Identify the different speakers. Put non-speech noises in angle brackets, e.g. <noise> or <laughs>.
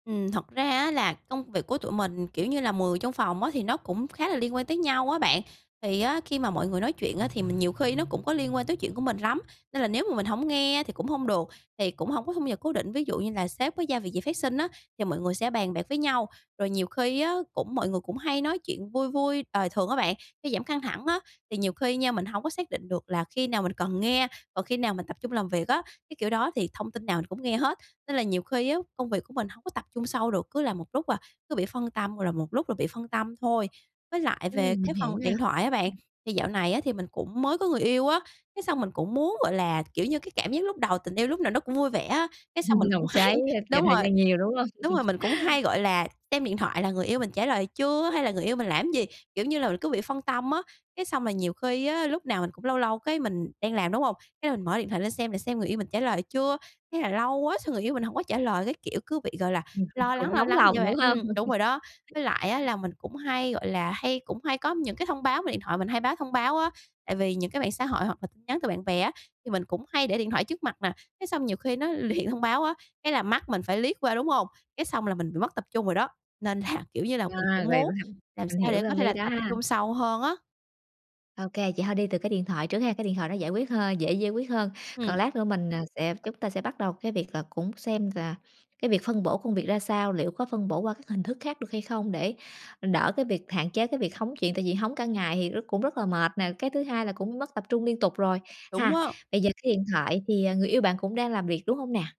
Speaker 1: Ừm, thật ra á là công việc của tụi mình, kiểu như là, mười trong phòng á, thì nó cũng khá là liên quan tới nhau á bạn. Thì á, khi mà mọi người nói chuyện á, thì mình nhiều khi nó cũng có liên quan tới chuyện của mình lắm, nên là nếu mà mình hổng nghe á thì cũng hông được, thì cũng hổng có thu nhập cố định. Ví dụ như là sếp với giao việc gì phát sinh á, thì mọi người sẽ bàn bạc với nhau, rồi nhiều khi á cũng mọi người cũng hay nói chuyện vui vui đời thường á bạn, để giảm căng thẳng á. Thì nhiều khi nha, mình hổng có xác định được là khi nào mình cần nghe, còn khi nào mình tập trung làm việc á, cái kiểu đó. Thì thông tin nào mình cũng nghe hết, nên là nhiều khi á công việc của mình hông có tập trung sâu được, cứ làm một lúc là cứ bị phân tâm, là một lúc là bị phân tâm thôi. Với lại về
Speaker 2: Ừm, mình
Speaker 1: cái
Speaker 2: hiểu
Speaker 1: phần
Speaker 2: nè.
Speaker 1: điện thoại á bạn,
Speaker 2: Ừm.
Speaker 1: thì dạo này á thì mình cũng mới có người yêu á, cái xong mình cũng muốn, gọi là, kiểu như, cái cảm giác lúc đầu, tình yêu lúc nào nó cũng vui vẻ á. Cái xong mình
Speaker 2: <laughs>
Speaker 1: cũng
Speaker 2: Nồng
Speaker 1: hay
Speaker 2: cháy, a, dành
Speaker 1: đúng
Speaker 2: thời
Speaker 1: rồi,
Speaker 2: gian nhiều, đúng hông?
Speaker 1: đúng rồi,
Speaker 2: <chuckles>
Speaker 1: mình cũng hay, gọi là, xem điện thoại là người yêu mình trả lời chưa, hay là người yêu mình làm cái gì, kiểu như là, mình cứ bị phân tâm á. Cái xong rồi nhiều khi á, lúc nào mình cũng lâu lâu cái mình đang làm, đúng hông? Cái mình mở điện thoại lên xem, để xem người yêu mình trả lời chưa, thế là lâu quá xong người yêu mình hổng có trả lời, cái kiểu, cứ bị, gọi là,
Speaker 2: <chuckles>
Speaker 1: lo lắng,
Speaker 2: Cũng
Speaker 1: lo
Speaker 2: nóng
Speaker 1: lắng vậy
Speaker 2: lòng,
Speaker 1: thôi
Speaker 2: đúng
Speaker 1: bạn.
Speaker 2: hông?
Speaker 1: Ừm, đúng
Speaker 2: <chuckles>
Speaker 1: rồi đó, với lại á là mình cũng hay, gọi là, hay cũng hay có những cái thông báo về điện thoại mình, hay báo thông báo á, tại vì những cái mạng xã hội hoặc là tin nhắn từ bạn bè á, thì mình cũng hay để điện thoại trước mặt nè, thế xong nhiều khi nó luyện thông báo á, cái là mắt mình phải liếc qua, đúng hông? Cái xong là mình bị mất tập trung rồi đó, nên là, kiểu như là, mình
Speaker 2: À,
Speaker 1: cũng
Speaker 2: vậy v
Speaker 1: muốn
Speaker 2: ham
Speaker 1: làm
Speaker 2: mình
Speaker 1: sao
Speaker 2: hiểu
Speaker 1: để có
Speaker 2: tâm
Speaker 1: thể
Speaker 2: lý
Speaker 1: là
Speaker 2: đó
Speaker 1: tập
Speaker 2: ha.
Speaker 1: trung sâu hơn á.
Speaker 2: Ô kê, vậy thôi đi từ cái điện thoại trước ha, cái điện thoại nó giải quyết hơn dễ giải quyết hơn. Còn
Speaker 1: Ừm.
Speaker 2: lát nữa mình, ờ, sẽ chúng ta sẽ bắt đầu cái việc là cũng xem là cái việc phân bổ công việc ra sao, liệu có phân bổ qua các hình thức khác được hay không, để đỡ cái việc hạn chế cái việc hóng chuyện, tại vì hóng cả ngày thì rất cũng rất là mệt nè, cái thứ hai là cũng mất tập trung liên tục, rồi,
Speaker 1: Đúng
Speaker 2: ha?
Speaker 1: á.
Speaker 2: Bây giờ cái điện thoại thì, à, người yêu bạn cũng đang làm việc, đúng hông nè?